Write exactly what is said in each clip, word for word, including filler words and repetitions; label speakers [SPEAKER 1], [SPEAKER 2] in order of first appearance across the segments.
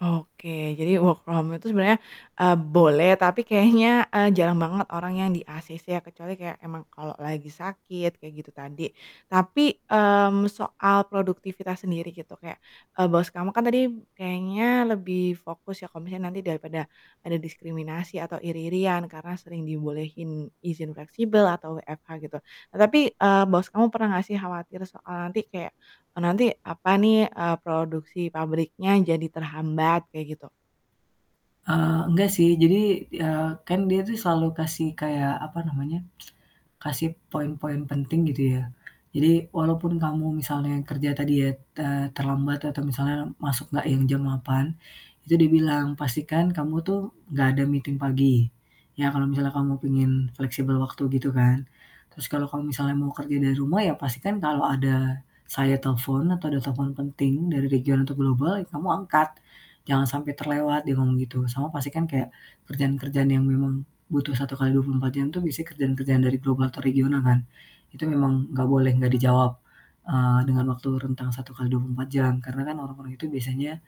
[SPEAKER 1] Oke, jadi work from home itu sebenarnya, eee, boleh, tapi kayaknya, eee, jarang banget orang yang di ACC ya, kecuali kayak emang kalau lagi sakit kayak gitu tadi. Tapi, mmm, soal produktivitas sendiri gitu, kayak, eee, bos kamu kan tadi kayaknya lebih fokus ya, kalau misalnya nanti daripada ada diskriminasi atau iri-irian karena sering dibolehin izin fleksibel atau WFH gitu. Nah tapi, eee, bos kamu pernah gak sih khawatir soal nanti kayak, eee, nanti apa nih, eee, produksi pabriknya jadi terhambat kayak gitu?
[SPEAKER 2] Eee, enggak sih. Jadi, eee, kan dia tuh selalu kasih kayak, apa namanya, kasih poin-poin penting gitu ya. Jadi, walaupun kamu misalnya kerja tadi ya, te terlambat atau misalnya masuk enggak yang jam delapan, itu dibilang "Pastikan kamu tuh enggak ada meeting pagi." "Ya, kalau misalnya kamu pingin fleksibel waktu," gitu kan. "Terus kalau misalnya mau kerja dari rumah ya, pastikan kalau ada saya telepon atau ada telepon penting dari region atau global ya kamu angkat jangan sampai terlewat," dia ngomong gitu, sama pasti kan kayak kerjaan-kerjaan yang memang butuh satu kali dua puluh empat jam itu bisa kerjaan-kerjaan dari global atau regional kan, itu memang gak boleh gak dijawab, eee, dengan waktu rentang satu kali dua puluh empat jam. Karena kan, orang-orang itu biasanya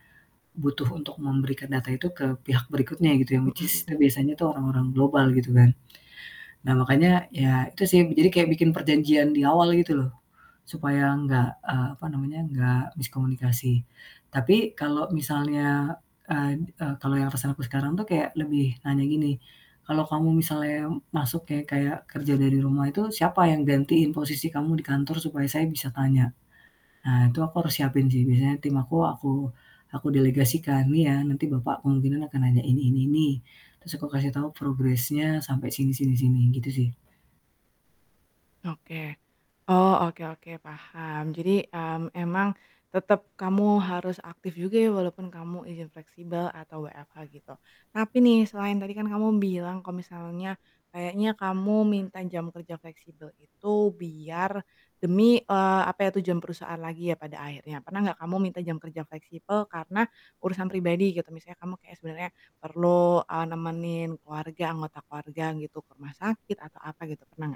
[SPEAKER 2] butuh untuk memberikan data itu ke pihak berikutnya gitu, yang which
[SPEAKER 1] Mhm
[SPEAKER 2] is itu
[SPEAKER 1] mhm.
[SPEAKER 2] biasanya orang-orang global, gitu kan. Nah makanya, ya itu sih, eee, jadi kayak bikin perjanjian di awal gitu loh, supaya enggak, eee, apa namanya enggak miskomunikasi. Tapi, kalau misalnya, eee eee, kalau yang, atasan aku sekarang tuh kayak lebih nanya gini, "Kalau kamu misalnya masuk ya, kayak kerja dari rumah itu siapa yang gantiin posisi kamu di kantor supaya saya bisa tanya?" Nah, itu aku harus siapin sih Biasanya tim aku aku delegasikan, "Nih ya, nanti Bapak kemungkinan akan nanya ini ini ini," terus aku kasih tahu progress-nya sampai sini sini sini, gitu sih.
[SPEAKER 1] Oke. Oh, oke oke, paham. Jadi, mmm, emang tetep kamu harus aktif juga ya, walaupun kamu izin fleksibel atau WFH gitu. Tapi nih selain tadi kan kamu bilang kalau misalnya kayaknya kamu minta jam kerja fleksibel itu biar demi, eee, apa ya, tujuan perusahaan lagi ya pada akhirnya, pernah nggak kamu minta jam kerja fleksibel karena urusan pribadi gitu? Misalnya kamu kayak sebenarnya perlu, eee, nemenin keluarga anggota keluarga gitu, ke rumah sakit atau apa gitu, pernah nggak?